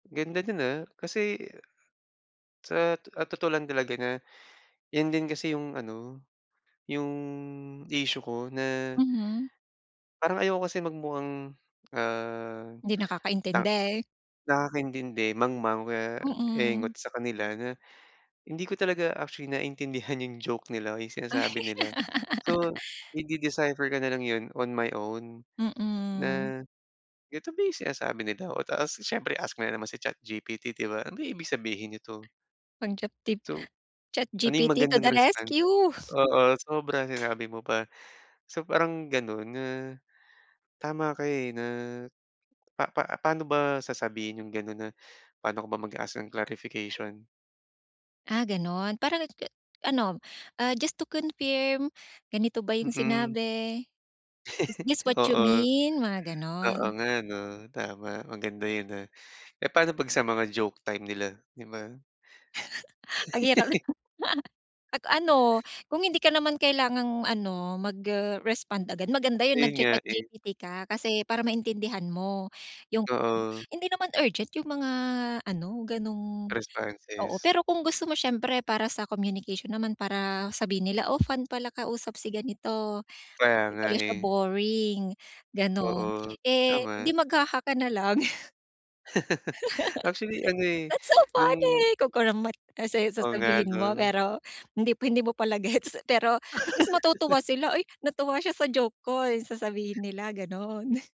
Ganda din, ah. Kasi sa t ah, totoo lang talaga na 'yan din kasi 'yong ano, 'yong issue ko na Mhm. parang ayoko kasi magmukhang, ah, 'Di ta nakakaintindi. nakakaintindi, mangmang, o kaya Mm. engot sa kanila. Na hindi ko talaga actually naiintindihan 'yong joke nila. 'Yong sinasabi nila. So, ide-decipher ko na lang 'yon on my own. Mm. Na "Ito ba 'yong sinasabi nila?" Oh, tapos siyempre ask ko na naman si ChatGPT, 'di ba? "Ano kaya ibig sabihin nito?" Mag-chat tip. So ano 'yong ChatGPT to magandang the response? rescue! Oo, sobra sinabi mo pa. So, parang gano'n na tama ka, eh, na pa-pa paano ba sasabihin 'yong gano'n na paano ka ba mag-ask ng clarification? Ah gano'n. Parang [unintelligible] ano, ah, "Just to confirm. Ganito ba 'yong Mm. sinabi? Is this what you Oo. mean?" Mga Oo gano'n. nga, 'no, tama. Maganda 'yon ah. Eh, paano 'pag sa mga joke time nila, 'di ba? Ang hirap naman. At ano, kung hindi ka naman kailangang ano, mag-respond agad. Maganda 'yong Ayun nga, eh. nagcha-ChatGPT ka. Kasi para maintindihan mo 'yong Oo. hindi naman urgent 'yong mga ano, ganong oo, Responses. pero kung gusto mo siyempre para sa communication naman para sabihin nila, "Oh, fun pala kausap si ganito. Kaya 'Di nga, pala siya eh. boring." Gano'n. Oo, Eh, 'di tama. mag-haha ka na lang. Actually ano, eh, "That's so funny." 'yong Kunkunam met. Tapos, eh, Oo, nga sasabihin mo 'no? pero hindi mo hindi mo pala gets. Pero at least matutuwa sila, "Ay, natuwa siya sa joke ko." Sasabihin nila, gano'n.